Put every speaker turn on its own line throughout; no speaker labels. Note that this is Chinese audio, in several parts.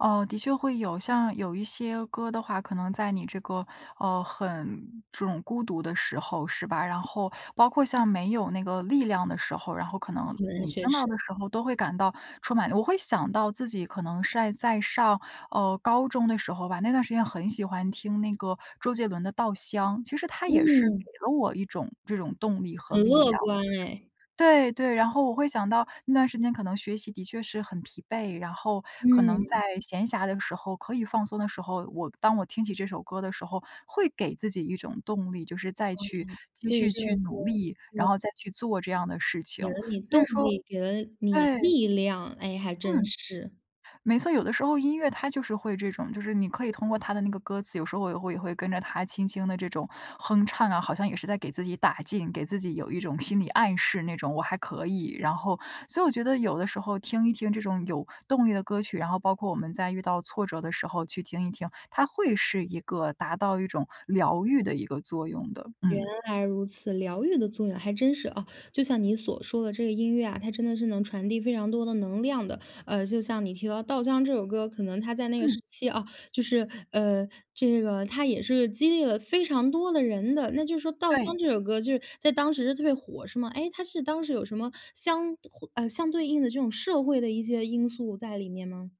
呃，的确会有，像有一些歌的话，可能在你这个，呃，很这种孤独的时候，是吧，然后包括像没有那个力量的时候，然后可能
哦，那
你
确
听到
实。
的时候都会感到充满我会想到自己可能晒在上，呃，高中的时候吧，那段时间很喜欢听那个周杰伦的《稻香》，其实它也是给
嗯。
了我一种这种动力和
很
力量。
乐观诶。
对对，然后我会想到那段时间可能学习的确是很疲惫，然后可能
嗯。
在闲暇的时候，可以放松的时候，我当我听起这首歌的时候，会给自己一种动力，就是再
哦，
去继
所以
续
这个
去
歌
努
儿
力，
对。
然后再去做这样的事情，
给了你
所
动
以说
力，给了你
对。
力量。哎，还真
嗯。
是。
没错，有的时候音乐它就是会这种，就是你可以通过它的那个歌词，有时候也会也会跟着它轻轻地这种哼唱啊，好像也是在给自己打劲，给自己有一种心理暗示那种，我还可以，然后所以我觉得有的时候听一听这种有动力的歌曲，然后包括我们在遇到挫折的时候去听一听，它会是一个达到一种疗愈的一个作用的。
原
嗯。
来如此，疗愈的作用，还真是，哦，就像你所说的这个音乐啊，它真的是能传递非常多的能量的。呃，就像你提到《稻香》这首歌，可能它在那个时
嗯。
期，啊，就是，呃，这个它也是一个激励了非常多的人的，那就是说《稻香》
对。
这首歌就是在当时是特别火是吗？诶，它是当时有什么相胡呃，相对应的这种社会的一些因素在里面吗？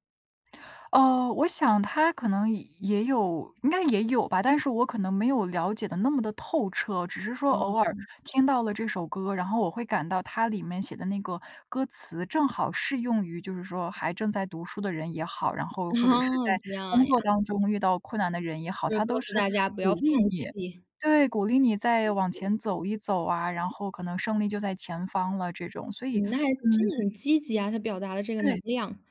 呃，我想他可能也有应该也有吧，但是我可能没有了解得那么地透彻，只是说
哦，
偶尔
嗯。
听到了这首歌，然后我会感到它里面写的那个歌词，正好适用于就是说还正在读书的人也好，然后或者 是在
哦，这
工
样呀。
作当中遇到困难的人也好，
就是
它
告
都
诉
是
大家不
鼓
要放
励你。
弃。
对，鼓励你再往前走一走啊，然后可能胜利就在前方了这种，所以
嗯，那还真
嗯。
的很积极啊，它表达了这个能
对。
量，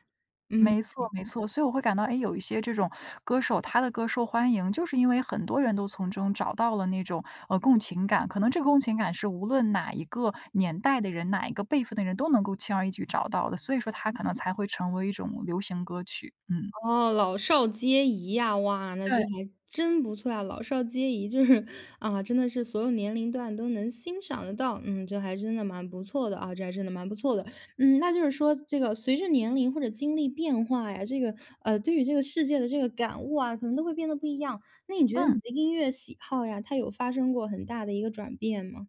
嗯。
没错没错，所以我会感到诶，有一些这种歌手，他的歌受欢迎，就是因为很多人都从中找到了那种，呃，共情感，可能这个共情感是无论哪一个年代的人，哪一个辈分的人都能够轻而易举找到的，所以说它可能才会成为一种流行歌曲，嗯。
哦，老少皆宜呀，哇，那这
对。
还真不错啊，老少皆宜，就是啊，真的是所有年龄段都能欣赏得到，嗯，这还真的蛮不错的啊，这还真的蛮不错的。嗯，那就是说这个随着年龄或者经历变化呀，这个呃，对于这个世界的这个感悟啊，可能都会变得不一样。那你觉得
嗯。
你的音乐喜好呀，它有发生过很大的一个转变吗？